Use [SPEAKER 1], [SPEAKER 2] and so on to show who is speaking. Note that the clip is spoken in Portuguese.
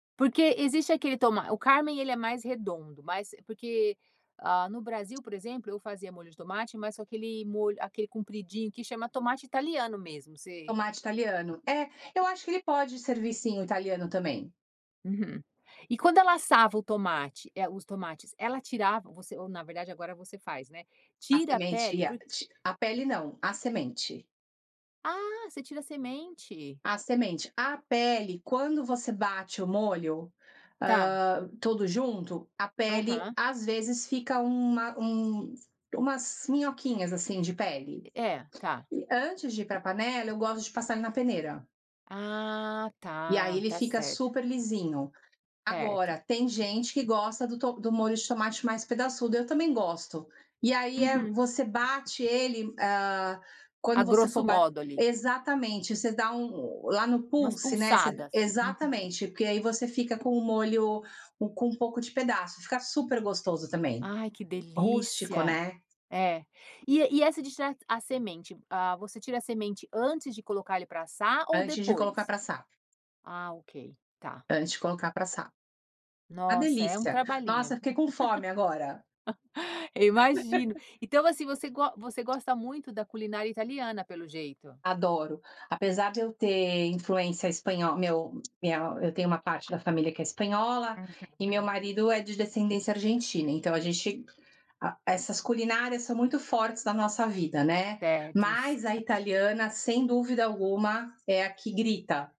[SPEAKER 1] Porque existe aquele toma o carmen ele é mais redondo. Mas porque, ah, no Brasil, por exemplo, eu fazia molho de tomate, mas com aquele molho aquele compridinho que chama tomate italiano mesmo, você
[SPEAKER 2] Tomate italiano. É, eu acho que ele pode servir sim, o italiano também.
[SPEAKER 1] Uhum. E quando ela assava o tomate, eh, os tomates, ela tirava você ou na verdade, agora você faz, né.
[SPEAKER 2] A
[SPEAKER 1] Tira a
[SPEAKER 2] semente
[SPEAKER 1] pele
[SPEAKER 2] ia
[SPEAKER 1] por
[SPEAKER 2] ti a pele não, a semente.
[SPEAKER 1] Ah, você tira a semente.
[SPEAKER 2] A semente. A pele, quando você bate o molho,
[SPEAKER 1] Tá.
[SPEAKER 2] ah, tudo junto, a pele
[SPEAKER 1] Aham.
[SPEAKER 2] às vezes fica uma um umas minhoquinhas, assim, de pele.
[SPEAKER 1] É, tá.
[SPEAKER 2] E antes de ir para panela, eu gosto de passar ele na peneira.
[SPEAKER 1] Ah,
[SPEAKER 2] E aí
[SPEAKER 1] tá.
[SPEAKER 2] ele
[SPEAKER 1] Está
[SPEAKER 2] fica
[SPEAKER 1] certo.
[SPEAKER 2] super lisinho.
[SPEAKER 1] Certo.
[SPEAKER 2] Agora, tem gente que gosta do to do molho de tomate mais pedaçudo, eu também gosto. E aí é
[SPEAKER 1] Uhum.
[SPEAKER 2] você bate ele, ah,
[SPEAKER 1] A
[SPEAKER 2] quando você
[SPEAKER 1] grosso
[SPEAKER 2] for bat
[SPEAKER 1] modo, ali.
[SPEAKER 2] exatamente, você dá um lá no
[SPEAKER 1] Umas
[SPEAKER 2] pulse, né, você d
[SPEAKER 1] pulsadas. Uhum.
[SPEAKER 2] exatamente, porque aí você fica com o molho com um pouco de pedaço, fica super gostoso também.
[SPEAKER 1] Ai, que
[SPEAKER 2] Rústico,
[SPEAKER 1] delícia.
[SPEAKER 2] né.
[SPEAKER 1] É, e e essa de tirar a semente, ah, você tira a semente antes de colocar ele para assar, ou
[SPEAKER 2] Antes de colocar
[SPEAKER 1] depois?
[SPEAKER 2] para assar.
[SPEAKER 1] Ah, ok. Tá.
[SPEAKER 2] Antes de colocar para assar. Uma
[SPEAKER 1] Nossa, é um
[SPEAKER 2] delícia. Nossa,
[SPEAKER 1] trabalhinho.
[SPEAKER 2] fiquei com fome agora.
[SPEAKER 1] Eu imagino. Então assim, você go você gosta muito da culinária italiana, pelo jeito.
[SPEAKER 2] Adoro. Apesar de eu ter influência espanhol meu minha eu tenho uma parte da família que é espanhola e
[SPEAKER 1] Uhum.
[SPEAKER 2] meu marido é de descendência Argentina. Então a gente a essas culinárias são muito fortes na nossa vida, né.
[SPEAKER 1] Certos.
[SPEAKER 2] Mas a
[SPEAKER 1] Aham.
[SPEAKER 2] italiana, sem dúvida alguma é a que grita.